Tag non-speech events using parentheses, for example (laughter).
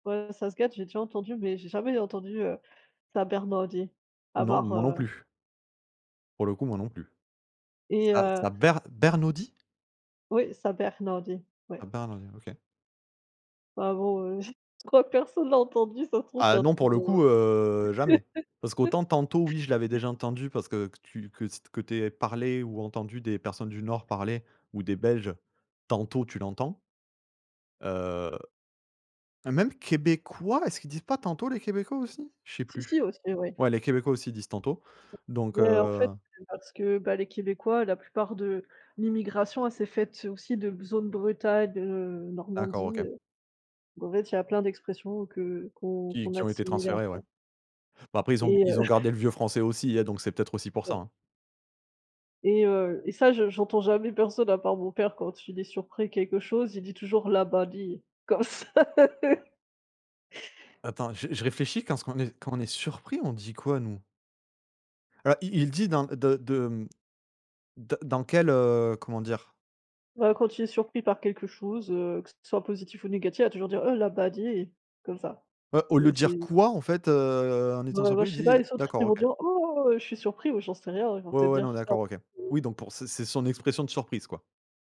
Heu, ça se gâte, j'ai déjà entendu, mais j'ai jamais entendu, heu, «S'embernaodit» Non, avoir, moi, non heu plus pour le coup, moi, non plus. et Ah heu ça ça Ber Bernodi? Oui. «S'embernaodit», oui. Ah, Bernodi, OK. Enfin, bon, heu, je crois que personne l'a entendu ça se trouve c'est Ah un non, truc pour le coup, de heu, jamais, parce qu'autant «tantôt,» oui, je l'avais déjà (laughs) entendu parce que tu que s que tu aies parlé ou entendu des personnes du nord parler ou des belges, «tantôt» tu l'entends heu, même québécois, est-ce qu'ils disent pas «tantôt» les québécois aussi? Je sais Si, plus. si aussi, oui. Ouais, les québécois aussi disent: «tantôt», donc Mais en fait, heu, heu c'est parce que, bah, les québécois la plupart de l'immigration elle s'est faite aussi de zones Bretagne, heu, D'accord, Normandie, OK. heu, donc en fait il y a plein d'expressions que qu'on Qui qu'on qui a de ont été similaires, transférés, ouais. quoi Bon, après ils ont et heu ils ont gardé le vieux français aussi, hein, donc c'est peut-être aussi pour ça, Ouais. hein. Et heu, et ça je j'entends jamais personne à part mon père quand il est surpris quelque chose, il dit toujours «labadi!» comme ça. (laughs) Attends je je réfléchis quand ce qu'on est quand on est surpris, on dit quoi nous? Heu, il il dit dans de de mmh. Dans quel, heu, comment dire? Bah, quand il est surpris par quelque chose, heu, que ce soit positif ou négatif, il va toujours dire: «Oh! Labadi!» comme ça, Heu, au lieu et de dire c'est quoi en fait, heu, en Bah étant bah, surpris, je il sais dit pas, les autres d'accord, ils vont OK. dire: «Oh! Je suis surpris» ou «J'en sais rien», ils vont Ouais, peut être ouais, non, dire ça d'accord, OK. (unintelligible) Oui donc pour c'est c'est son expression de surprise, quoi?